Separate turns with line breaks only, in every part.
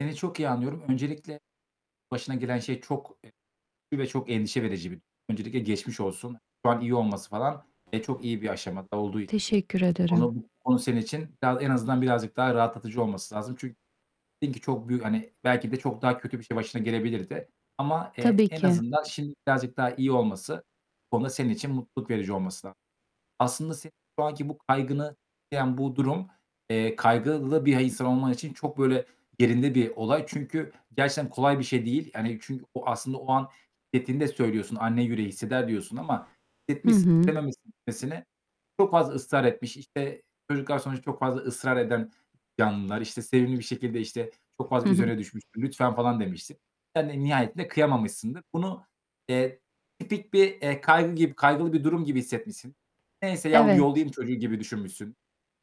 Seni çok iyi anlıyorum. Öncelikle başına gelen şey çok, eee, güçlü ve çok endişe verici bir durum. Öncelikle geçmiş olsun. Şu an iyi olması falan ve çok iyi bir aşamada olduğu için
Teşekkür
[unintelligible]
ederim.
konu bu konu senin için biraz en azından birazcık daha rahatlatıcı olması lazım çünkü dedin ki çok büyük, hani, belki de çok daha kötü bir şey başına gelebilirdi ama, eee,
Tabii
en
ki.
azından şimdi birazcık daha iyi olması, bu konuda senin için mutluluk verici olması lazım. Aslında senin şu anki bu kaygını tetikleyen bu durum, eee, kaygılı bir insan olman için çok böyle yerinde bir olay çünkü gerçekten kolay bir şey değil. Yani, çünkü o aslında o an şiddetini de söylüyorsun anne yüreği hisseder diyorsun ama
Hı
hissetmişsin,
hı.
istememişsin gitmesini. Çok fazla ısrar etmiş, işte, çocuklar sonuçta çok fazla ısrar eden canlılar, işte sevimli bir şekilde, işte, çok
Hı
fazla
hı.
üzerine düşmüştür, lütfen, falan demiştir. Sen de nihayetinde kıyamamışsındır. Bunu, eee, tipik bir, eee, kaygı gibi kaygılı bir durum gibi hissetmişsin. Neyse, ya,
Evet.
yollayım çocuğu gibi düşünmüşsün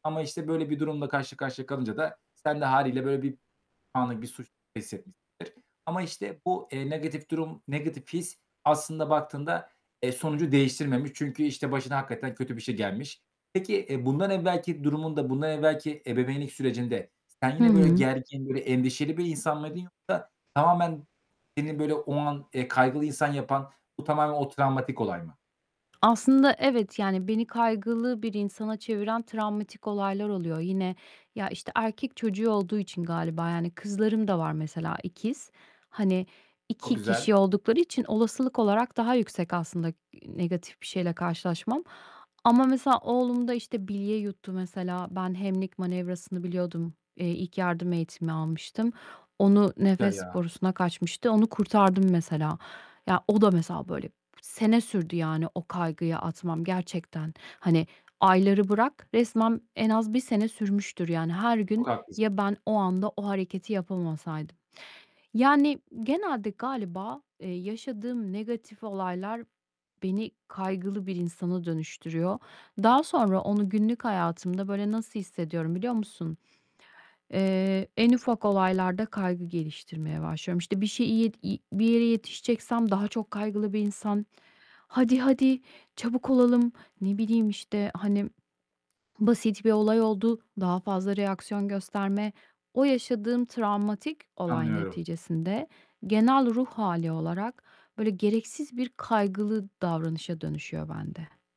ama, işte, böyle bir durumla karşı karşıya kalınca da sen de hâliyle böyle bir anlık bir suç hissetmişsindir ama işte bu, eee, negatif durum, negatif his aslında baktığında, eee, sonucu değiştirmemiş çünkü, işte, başına hakikaten kötü bir şey gelmiş. Peki, eee, bundan evvelki durumunda, bundan evvelki ebeveynlik sürecinde sen
Hı
yine böyle
hı.
gergin, böyle endişeli bir insan mıydın yoksa tamamen seni böyle o an, eee, kaygılı insan yapan, bu tamamen o travmatik olay mı?
Aslında evet, yani, beni kaygılı bir insana çeviren travmatik olaylar oluyor. Yine, ya, işte erkek çocuğu olduğu için galiba, yani, kızlarım da var mesela ikiz. Hani
Çok
2 kişi
güzel.
oldukları için olasılık olarak daha yüksek aslında, ııı, negatif bir şeyle karşılaşmam ama mesela oğlumda işte bilye yuttu mesela. Ben Heimlich Manevrası'nı biliyordum, eee, ilk yardım eğitimi almıştım. Onu
Güzel,
nefes
ya.
borusuna kaçmıştı, onu kurtardım mesela. Ya, o da mesela böyle sene sürdü yani o kaygıyı atmam gerçekten. Hani, ayları bırak, resmen en az 1 sene sürmüştür, yani, her gün
Çok haklısın.
,ya, ben, o anda o hareketi yapamasaydım. Yani, genelde galiba, eee, yaşadığım negatif olaylar beni kaygılı bir insana dönüştürüyor. Daha sonra onu günlük hayatımda böyle nasıl hissediyorum, biliyor musun? Eee, en ufak olaylarda kaygı geliştirmeye başlıyorum. İşte bir şeyi iyi i bir yere yetişeceksem daha çok kaygılı bir insan, "Hadi, hadi, çabuk olalım." ne bileyim, işte, hani, basit bir olay oldu, daha fazla reaksiyon gösterme. O yaşadığım travmatik olay
Anlıyorum.
neticesinde genel ruh hâli olarak böyle gereksiz bir kaygılı davranışa dönüşüyor bende.